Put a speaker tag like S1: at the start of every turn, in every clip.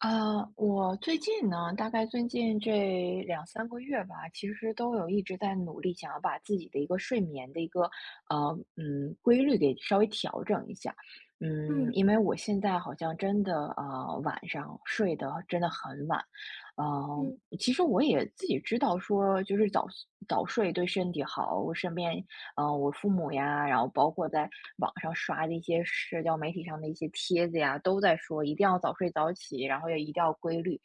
S1: 呃，我最近呢，大概最近这2-3个月吧，其实都有一直在努力，想要把自己的一个睡眠的一个，呃，嗯，规律给稍微调整一下。嗯，
S2: 嗯。
S1: 因为我现在好像真的啊，晚上睡得真的很晚。嗯，
S2: 嗯。
S1: 其实我也自己知道说就是早早睡对身体好，我身边啊，我父母呀，然后包括在网上刷的一些社交媒体上的一些帖子呀，都在说一定要早睡早起，然后也一定要规律。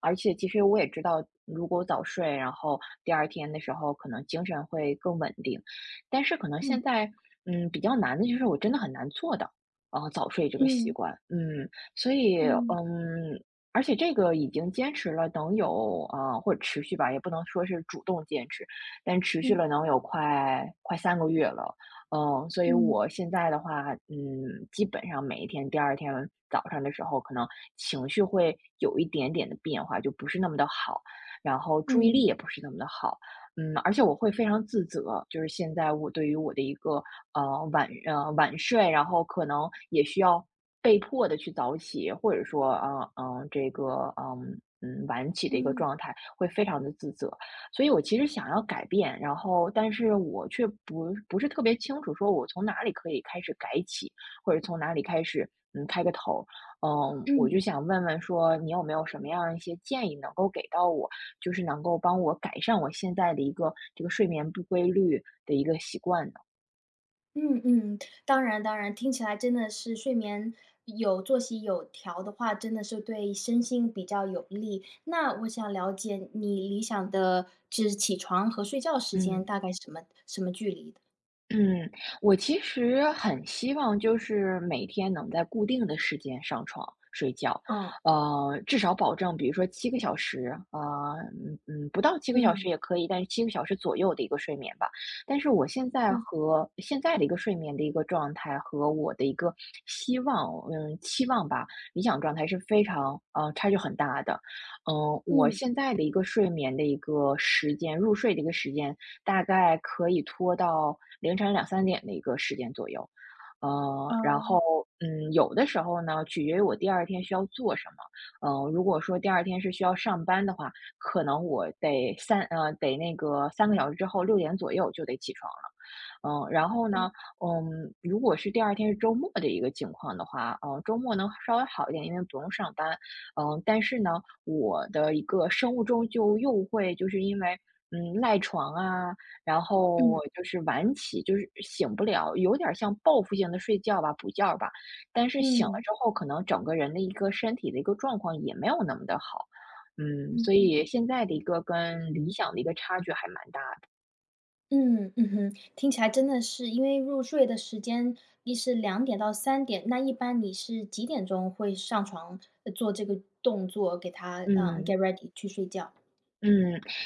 S1: 而且其实我也知道，如果早睡，然后第二天的时候可能精神会更稳定。但是可能
S2: 嗯。
S1: 现在，嗯，比较难的就是我真的很难做到，呃，早睡这个习
S2: 嗯。
S1: 惯，嗯。所以，
S2: 嗯。
S1: 嗯，而且这个已经坚持了能有，啊，或持续吧，也不能说是主动坚持，但持续
S2: 嗯。
S1: 了能有快快3个月了。嗯，所以
S2: 嗯。
S1: 我现在的话，嗯，基本上每一天第二天早上的时候可能情绪会有一点点的变化，就不是那么地好，然后注意力
S2: 嗯。
S1: 也不是那么地好。嗯，而且我会非常自责，就是现在我对于我的一个，嗯，晚晚睡，然后可能也需要被迫地去早起，或者说，啊，呃，这个，呃，嗯，晚起的一个
S2: 嗯。
S1: 状态会非常地自责，所以我其实想要改变。然后但是我却不不是特别清楚说，我从哪里可以开始改起，或者从哪里开始，嗯，开个头。嗯，我就
S2: 嗯。
S1: 想问问说你有没有什么样的一些建议能够给到我，就是能够帮我改善我现在的一个这个睡眠不规律的一个习惯的？
S2: 嗯嗯，当然当然，听起来真的是睡眠有作息有调的话，真的是对身心比较有利。那我想了解你理想的指起床和睡觉时间
S1: 嗯。
S2: 大概什么什么距离？
S1: 嗯，我其实很希望就是每天能在固定的时间上床睡觉，
S2: 嗯。
S1: 呃，至少保证比如说7个小时呃，嗯嗯，不到7个小时
S2: 嗯。
S1: 也可以但是7个小时左右的一个睡眠吧。但是我现在
S2: 嗯。
S1: 和现在的一个睡眠的一个状态和我的一个希望嗯，期望吧理想状态是非常嗯，差距很大的。嗯，我
S2: 嗯。
S1: 现在的一个睡眠的一个时间，入睡的一个时间大概可以拖到凌晨2，3点的一个时间左右。呃，然后，
S2: 嗯。
S1: 嗯，有的时候呢取决于我第二天需要做什么，呃，如果说第二天是需要上班的话，可能我得3呃，得那个3个小时之后6点左右就得起床了。呃，然后
S2: 对。
S1: 呢，嗯，如果是第二天是周末的一个情况的话呃，周末能稍微好一点，因为不用上班。嗯，但是呢我的一个生物钟就又会就是因为，嗯，赖床啊，然后
S2: 嗯。
S1: 就是晚起就是醒不了，有点像报复性的睡觉吧补觉吧。但是醒了
S2: 嗯。
S1: 之后可能整个人的一个身体的一个状况也没有那么地好。嗯，
S2: 嗯
S1: 所
S2: 嗯。
S1: 以现在的一个跟理想的一个差距还蛮大的。
S2: 嗯，嗯哼，听起来真的是因为入睡的时间，你是2：00-3：00，那一般你是几点钟会上床，呃，做这个动作给它，嗯，
S1: 嗯。
S2: Get ready 去睡觉？
S1: 嗯，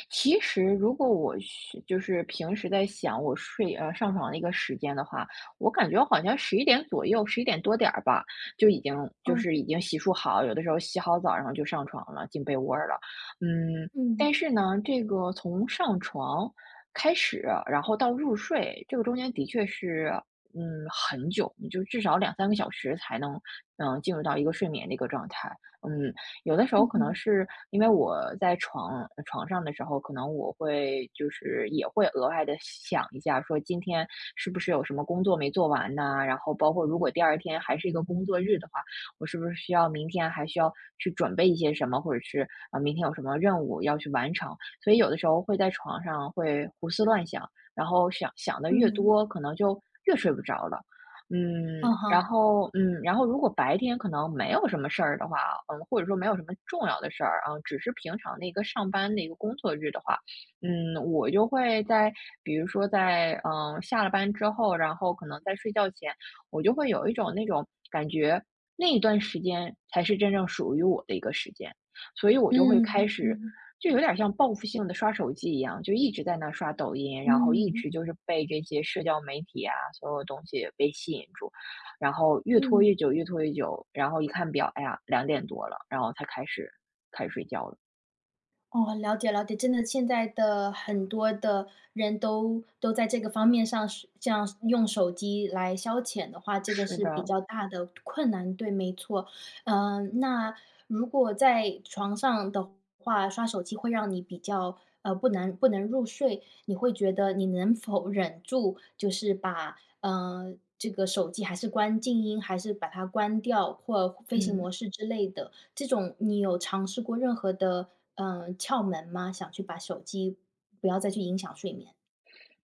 S1: 其实如果我是就是平时在想我睡，呃，上床的一个时间的话，我感觉我好像11点左右，11点多点儿吧，就已经就
S2: 嗯。
S1: 是已经洗漱好，有的时候洗好澡然后就上床了，进被窝儿了。嗯，
S2: 嗯。
S1: 但是呢，这个从上床开始，然后到入睡，这个中间的确是，嗯，很久，你就至少2-3个小时才能，嗯，进入到一个睡眠的一个状态。嗯，有的时候
S2: 嗯
S1: 可能
S2: 哼。
S1: 是因为我在床床上的时候可能我会就是也会额外地想一下说今天是不是有什么工作没做完呐，然后包括如果第二天还是一个工作日的话，我是不是需要明天还需要去准备一些什么，或者是，呃，明天有什么任务要去完成。所以有的时候会在床上会胡思乱想，然后想想得越
S2: 嗯。
S1: 多可能就越睡不着了。嗯，
S2: 嗯
S1: 然
S2: 哼。
S1: 后嗯，然后如果白天可能没有什么事儿的话，嗯，或者说没有什么重要的事儿啊，只是平常的那个上班那个工作日的话，嗯，我就会在比如说在，嗯，下了班之后，然后可能在睡觉前我就会有一种那种感觉，那一段时间才是真正属于我的一个时间，所以我就会
S2: 嗯，
S1: 开
S2: 嗯
S1: 始
S2: 嗯。
S1: 就有点像报复性地刷手机一样，就一直在那刷抖音，然后一
S2: 嗯。
S1: 直就是被这些社交媒体啊，所有东西被吸引住。然后越拖
S2: 嗯。
S1: 越久越拖越久，然后一看表，哎呀，2多了，然后才开始开始睡觉了。
S2: 哦，了解了解。真的现在的很多的人都都在这个方面上这样用手机来消遣的话这个
S1: 是
S2: 是比
S1: 的。
S2: 较大的困难。对，没错。嗯，那如果在床上的话，刷手机会让你比较，呃，不能不能入睡，你会觉得你能否忍住，就是把，嗯，这个手机还是关静音还是把它关掉或飞行
S1: 嗯。
S2: 模式之类的，这种你有尝试过任何的，呃，窍门吗？想去把手机不要再去影响睡眠。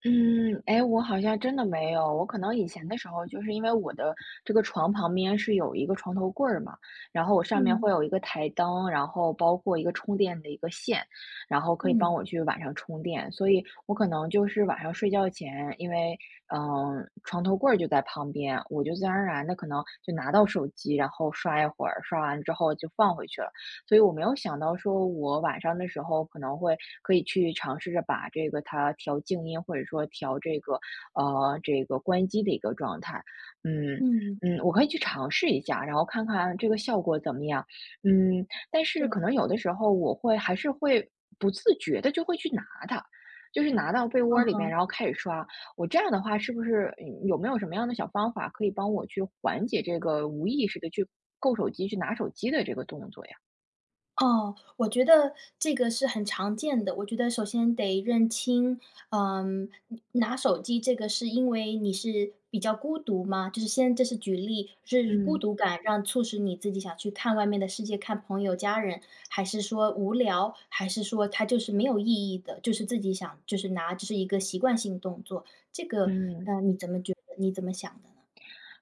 S1: 嗯，哎，我好像真的没有。我可能以前的时候就是因为我的这个床旁边是有一个床头柜儿嘛，然后我上面
S2: 嗯。
S1: 会有一个台灯，然后包括一个充电的一个线，然后可以
S2: 嗯。
S1: 帮我去晚上充电，所以我可能就是晚上睡觉前因为，嗯，床头柜儿就在旁边，我就自然而然地可能就拿到手机然后刷一会儿，刷完之后就放回去了。所以我没有想到说我晚上的时候可能会可以去尝试着把这个它调静音或者说调这个啊这个关机的一个状态。嗯
S2: 嗯。
S1: 嗯，我可以去尝试一下，然后看看这个效果怎么样。嗯，但是可
S2: 对。
S1: 能有的时候我会还是会不自觉地就会去拿它，就是拿到被窝
S2: 嗯
S1: 里面
S2: 哼。
S1: 然后开始刷，我这样的话是不是有没有什么样的小方法可以帮我去缓解这个无意识地去够手机去拿手机的这个动作呀？
S2: 哦，我觉得这个是很常见的。我觉得首先得认清，呃，拿手机这个是因为你是比较孤独吗？就是先这是举例是孤
S1: 嗯。
S2: 独感让促使你自己想去看外面的世界、看朋友家人？还是说无聊？还是说它就是没有意义的就是自己想就是拿这是一个习惯性动作？这个，
S1: 嗯。
S2: 嗯，你怎么觉得你怎么想的呢？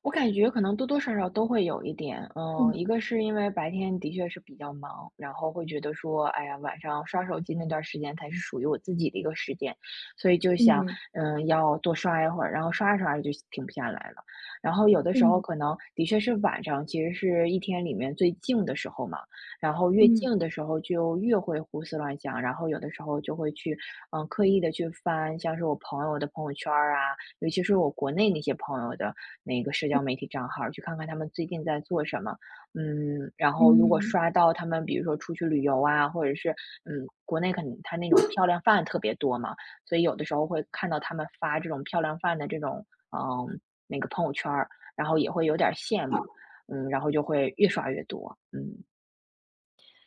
S1: 我感觉可能多多少少都会有一点。嗯，
S2: 嗯。
S1: 一个是因为白天的确是比较忙，然后会觉得说，哎呀，晚上刷手机那段时间才是属于我自己的一个时间，所以就想，
S2: 嗯。
S1: 嗯，要多刷一会，然后刷着刷着就停不下来了。然后有的时候
S2: 嗯。
S1: 可能的确是晚上其实是一天里面最静的时候嘛，然后越
S2: 嗯。
S1: 静的时候就越会胡思乱想，然后有的时候就会去，嗯，刻意地去翻像是我朋友的朋友圈儿啊，尤其是我国内那些朋友的那个社
S2: 嗯。
S1: 交媒体账号，去看看他们最近在做什么。嗯，然后如果
S2: 嗯。
S1: 刷到他们比如说出去旅游啊，或者是，嗯，国内可能它那种漂亮饭特别多嘛，所以有的时候会看到他们发这种漂亮饭的这种，啊，那个朋友圈儿，然后也会有点儿羡慕。嗯，然后就会越刷越多，嗯。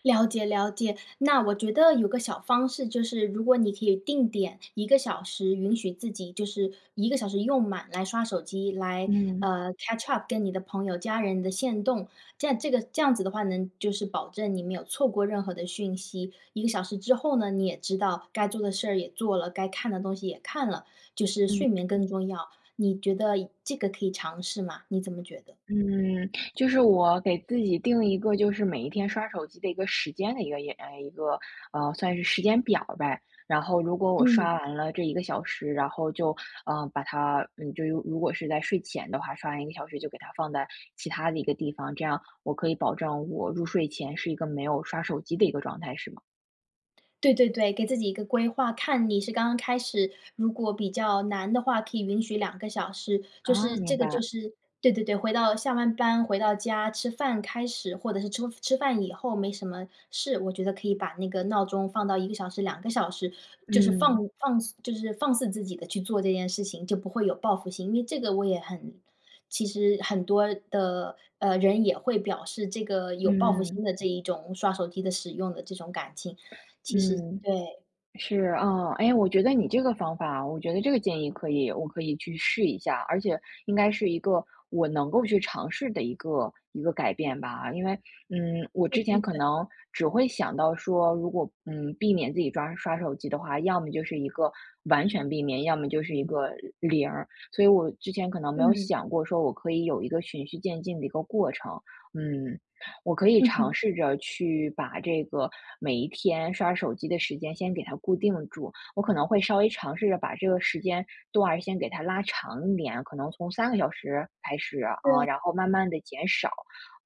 S2: 了解了解，那我觉得有个小方式，就是如果你可以定点，1个小时允许自己就是1个小时用满来刷手机来
S1: 嗯。
S2: 呃，catch up 跟你的朋友家人的限动，这样这个这样子的话呢，就是保证你没有错过任何的讯息。1个小时之后呢，你也知道该做的事儿也做了，该看的东西也看了，就是
S1: 嗯。
S2: 睡眠更重要，你觉得这个可以尝试吗？你怎么觉得？
S1: 嗯，就是我给自己定一个就是每一天刷手机的一个时间的一个诶，一个，嗯，算是时间表呗。然后如果我
S2: 嗯。
S1: 刷完了这1个小时，然后就，嗯，把它嗯，就如果是在睡前的话，刷完1个小时就给它放在其他的一个地方，这样我可以保证我入睡前是一个没有刷手机的一个状态是吗？
S2: 对对对，给自己一个规划看你是刚刚开始，如果比较难的话，可以允许2个小时，就
S1: 哦，
S2: 是
S1: 明
S2: 这个就
S1: 白。
S2: 是对对对，回到下完班回到家吃饭开始或者是吃吃饭以后没什么事，我觉得可以把那个闹钟放到1个小时2个小时，就是放
S1: 嗯。
S2: 放就是放肆自己的去做这件事情就不会有报复心，因为这个我也很其实很多的，呃，人也会表示这个有报复
S1: 嗯。
S2: 心的这一种刷手机的使用的这种感情。其实
S1: 嗯。
S2: 对。
S1: 是，啊，哎，我觉得你这个方法我觉得这个建议可以我可以去试一下。而且应该是一个我能够去尝试的一个一个改变吧。因为，嗯，我
S2: 对
S1: 之
S2: 对
S1: 前可
S2: 对。
S1: 能只会想到说，如果，嗯，避免自己刷刷手机的话，要么就是一个完全避免，要么就是一个0，所以我之前可能没有
S2: 嗯。
S1: 想过说我可以有一个循序渐进的一个过程。嗯，我可以
S2: 嗯
S1: 尝
S2: 哼。
S1: 试着去把这个每一天刷手机的时间先给它固定住，我可能会稍微尝试着把这个时间段儿先给它拉长一点，可能从3个小时开始，啊，
S2: 对。
S1: 然后慢慢地减少。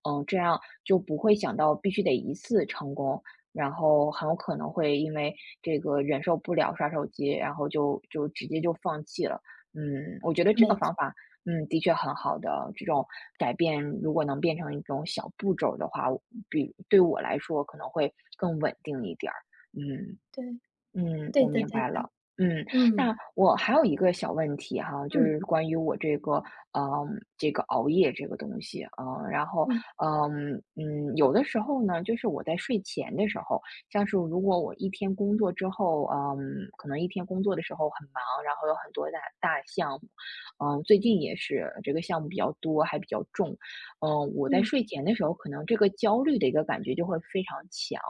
S1: 嗯，这样就不会想到必须得1次成功，然后很有可能会因为这个忍受不了刷手机，然后就就直接就放弃了。嗯，我觉得这个
S2: 没
S1: 方
S2: 错。
S1: 法，嗯，的确很好的，这种改变如果能变成一种小步骤的话，比对我来说可能会更稳定一点儿，嗯。
S2: 对
S1: 嗯，
S2: 对
S1: 我
S2: 的
S1: 明
S2: 对
S1: 白
S2: 的，
S1: 了。嗯，
S2: 嗯。
S1: 那我还有一个小问题哈，就
S2: 嗯。
S1: 是关于我这个嗯，这个熬夜这个东西，呃，然后
S2: 嗯。
S1: 嗯嗯，有的时候呢，就是我在睡前的时候像是如果我一天工作之后嗯，可能一天工作的时候很忙，然后有很多的大项目呃，最近也是这个项目比较多还比较重。嗯，我在
S2: 嗯。
S1: 睡前的时候可能这个焦虑的一个感觉就会非常强，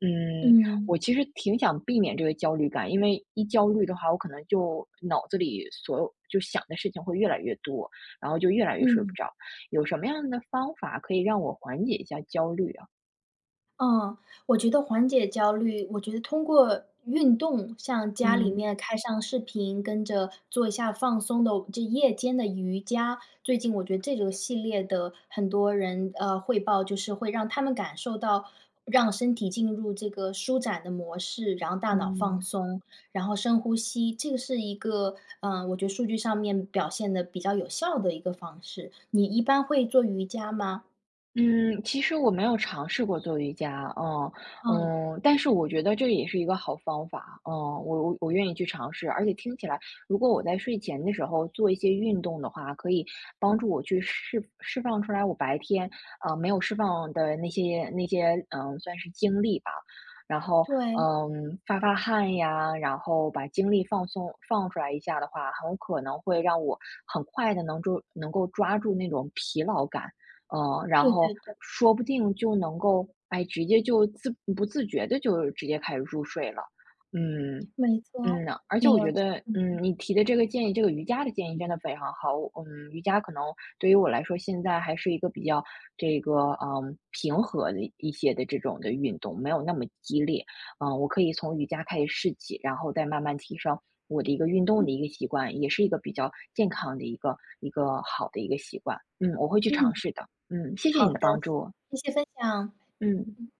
S1: 嗯，
S2: 嗯。
S1: 我其实挺想避免这个焦虑感。因为一焦虑的话，我可能就脑子里所有就想的事情会越来越多，然后就越来越睡不
S2: 嗯。
S1: 着，有什么样的方法可以让我缓解一下焦虑啊？
S2: 哦，我觉得缓解焦虑我觉得通过运动像家里
S1: 嗯。
S2: 面开上视频跟着做一下放松的这夜间的瑜伽，最近我觉得这个系列的很多人，呃，汇报，就是会让他们感受到让身体进入这个舒展的模式，然后大脑放
S1: 嗯。
S2: 松，然后深呼吸，这个是一个，嗯，我觉得数据上面表现得比较有效的一个方式。你一般会做瑜伽吗？
S1: 嗯，其实我没有尝试过做瑜伽，啊，
S2: 嗯。
S1: 嗯，但是我觉得这个也是一个好方法，啊，我我我愿意去尝试。而且听起来如果我在睡前的时候做一些运动的话，可以帮助我去释释放出来我白天，啊，没有释放的那些那些，嗯，算是精力吧。然后，
S2: 对。
S1: 呃，发发汗呀，然后把精力放松放出来一下的话，很可能会让我很快地能够能够抓住那种疲劳感，呃，然
S2: 对
S1: 后
S2: 对对。
S1: 说不定就能够，哎，直接就自不自觉地就直接开始入睡了。嗯，
S2: 没
S1: 嗯
S2: 错
S1: 呐，而且
S2: 没
S1: 我
S2: 有
S1: 觉
S2: 错。
S1: 得，
S2: 嗯嗯。
S1: 嗯，你提的这个建议这个瑜伽的建议真的非常好，嗯。瑜伽可能对于我来说现在还是一个比较，这个，啊，平和的一些的这种的运动，没有那么激烈。啊，我可以从瑜伽开始试起，然后再慢慢提升，我的一个运动
S2: 嗯。
S1: 的一个习惯，也是一个比较健康的一个一个好的一个习惯。嗯，我会去尝
S2: 嗯。
S1: 试的，嗯，谢谢
S2: 好
S1: 你
S2: 的。
S1: 的帮助。
S2: 谢谢分享。
S1: 嗯。
S2: 嗯。